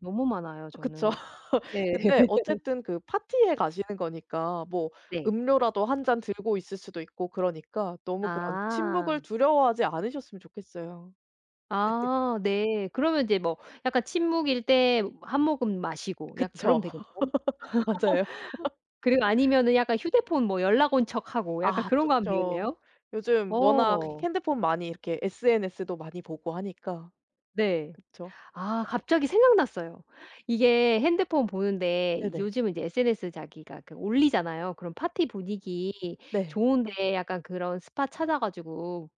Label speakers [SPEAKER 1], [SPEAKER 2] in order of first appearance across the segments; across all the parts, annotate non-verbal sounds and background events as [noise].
[SPEAKER 1] 너무 많아요
[SPEAKER 2] 그쵸.
[SPEAKER 1] 저는.
[SPEAKER 2] [laughs]
[SPEAKER 1] 네.
[SPEAKER 2] 근데
[SPEAKER 1] [laughs]
[SPEAKER 2] 어쨌든 그 파티에 가시는 거니까 뭐
[SPEAKER 1] 네.
[SPEAKER 2] 음료라도 1 잔 들고 있을 수도 있고 그러니까 너무 그런
[SPEAKER 1] 아.
[SPEAKER 2] 침묵을 두려워하지 않으셨으면 좋겠어요. [laughs]
[SPEAKER 1] 아. 네. 그러면 인제 뭐 약간 침묵일 때 뭐 1 모금 마시고 약간 그러면
[SPEAKER 2] 그쵸.
[SPEAKER 1] 되겠죠? [laughs]
[SPEAKER 2] [laughs] 맞아요. [laughs]
[SPEAKER 1] 그리고 아니면은 약간 휴대폰 뭐 연락 온 척하고 약간
[SPEAKER 2] 아.
[SPEAKER 1] 그런 거 하면
[SPEAKER 2] 좋죠.
[SPEAKER 1] 되겠네요?
[SPEAKER 2] 요즘 워낙
[SPEAKER 1] 어.
[SPEAKER 2] 핸드폰 많이 이렇게 SNS도 많이 보고 하니까.
[SPEAKER 1] 네.
[SPEAKER 2] 그쵸.
[SPEAKER 1] 아. 갑자기 생각났어요. 이게 핸드폰 보는데
[SPEAKER 2] 네네.
[SPEAKER 1] 요즘은 이제 SNS 자기가 그 올리잖아요. 그런 파티 분위기
[SPEAKER 2] 네.
[SPEAKER 1] 좋은 데 약간 그런 스팟 찾아 가지고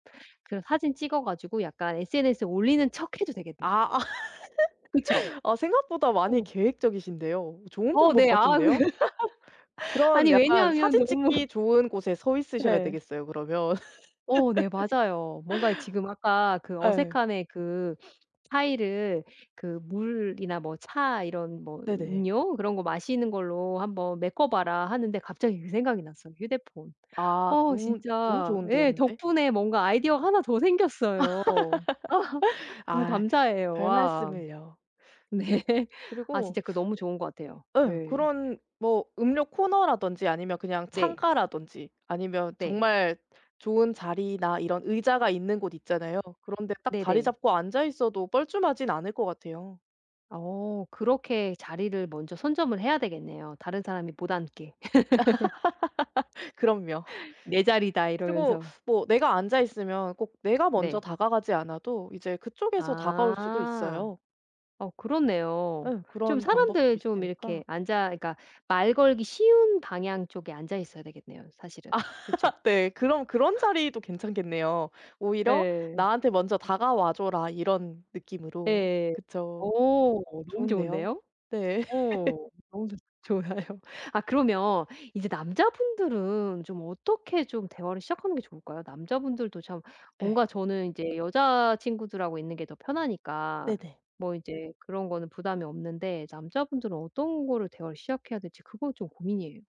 [SPEAKER 1] 그런 사진 찍어 가지고 약간 SNS에 올리는 척해도 되겠네.
[SPEAKER 2] 아. 아
[SPEAKER 1] 그쵸?
[SPEAKER 2] [laughs] 아 생각보다 많이
[SPEAKER 1] 어.
[SPEAKER 2] 계획적이신데요. 좋은
[SPEAKER 1] 어.
[SPEAKER 2] 방법
[SPEAKER 1] 네. 아 그
[SPEAKER 2] 같은데요?
[SPEAKER 1] [laughs]
[SPEAKER 2] 그런
[SPEAKER 1] 아니
[SPEAKER 2] 약간
[SPEAKER 1] 왜냐하면
[SPEAKER 2] 사진
[SPEAKER 1] 너무
[SPEAKER 2] 찍기 좋은 곳에 서 있으셔야
[SPEAKER 1] 예.
[SPEAKER 2] 되겠어요 그러면.
[SPEAKER 1] 어. 네. 맞아요. 뭔가에 지금 아까
[SPEAKER 2] [laughs]
[SPEAKER 1] 그
[SPEAKER 2] 예.
[SPEAKER 1] 어색함의 그 [sniffs] 차이를 그 물이나 뭐 차 이런 뭐
[SPEAKER 2] 네네.
[SPEAKER 1] 음료 그런 거 마시는 걸로 한번 메꿔 봐라 하는데 갑자기 그 생각이 났어요. 휴대폰.
[SPEAKER 2] 아.
[SPEAKER 1] 어
[SPEAKER 2] 너무 너무
[SPEAKER 1] 진짜
[SPEAKER 2] 좋은데요.
[SPEAKER 1] 예
[SPEAKER 2] 근데
[SPEAKER 1] 덕분에 뭔가 아이디어가 하나 더 생겼어요. [laughs]
[SPEAKER 2] [laughs]
[SPEAKER 1] 너무
[SPEAKER 2] 아.
[SPEAKER 1] 감사해요. 와.
[SPEAKER 2] 별말씀을요.
[SPEAKER 1] 네. 아
[SPEAKER 2] 그리고
[SPEAKER 1] 진짜 그 너무 좋은 것 같아요.
[SPEAKER 2] 예.
[SPEAKER 1] 예.
[SPEAKER 2] 그런 뭐 음료 코너라든지 아니면 그냥
[SPEAKER 1] 네.
[SPEAKER 2] 창가라든지 아니면
[SPEAKER 1] 네.
[SPEAKER 2] 정말 좋은 자리나 이런 의자가 있는 곳 있잖아요. 그런데 딱 자리
[SPEAKER 1] 네네.
[SPEAKER 2] 잡고 앉아 있어도 뻘쭘하진 않을 것 같아요.
[SPEAKER 1] 어. 그렇게 자리를 먼저 선점을 해야 되겠네요 다른 사람이 못 앉게. [laughs]
[SPEAKER 2] [laughs] 그럼요.
[SPEAKER 1] "내 자리다."
[SPEAKER 2] 그리고
[SPEAKER 1] 이러면서.
[SPEAKER 2] 뭐 내가 앉아 있으면 꼭 내가 먼저
[SPEAKER 1] 네.
[SPEAKER 2] 다가가지 않아도 이제 그쪽에서 다가올 수도
[SPEAKER 1] 아.
[SPEAKER 2] 있어요.
[SPEAKER 1] 어. 그렇네요.
[SPEAKER 2] 예.
[SPEAKER 1] 좀
[SPEAKER 2] 그런 방법도
[SPEAKER 1] 사람들 좀
[SPEAKER 2] 있으니까.
[SPEAKER 1] 이렇게 앉아 그러니까 말 걸기 쉬운 방향 쪽에 앉아 있어야 되겠네요 사실은,
[SPEAKER 2] 아.
[SPEAKER 1] 그쵸?
[SPEAKER 2] [laughs] 네. 그럼 그런
[SPEAKER 1] [laughs]
[SPEAKER 2] 자리도 괜찮겠네요. 오히려
[SPEAKER 1] 예.
[SPEAKER 2] '나한테 먼저 다가와 줘라.' 이런 느낌으로
[SPEAKER 1] 예. 어.
[SPEAKER 2] 그쵸?
[SPEAKER 1] 너무
[SPEAKER 2] 좋은데요.
[SPEAKER 1] 좋은데요?
[SPEAKER 2] 네.
[SPEAKER 1] 어
[SPEAKER 2] [laughs]
[SPEAKER 1] 너무 좋 좋아요. 아 그러면 이제 남자분들은 좀 어떻게 좀 대화를 시작하는 게 좋을까요? 남자분들도 참 뭔가
[SPEAKER 2] 예.
[SPEAKER 1] 저는 인제 여자친구들하고 있는 게 더 편하니까
[SPEAKER 2] 네네.
[SPEAKER 1] 뭐 이제 그런 거는 부담이 없는데 남자분들은 어떤 거를 대화를 시작해야 될지 그거 좀 고민이에요.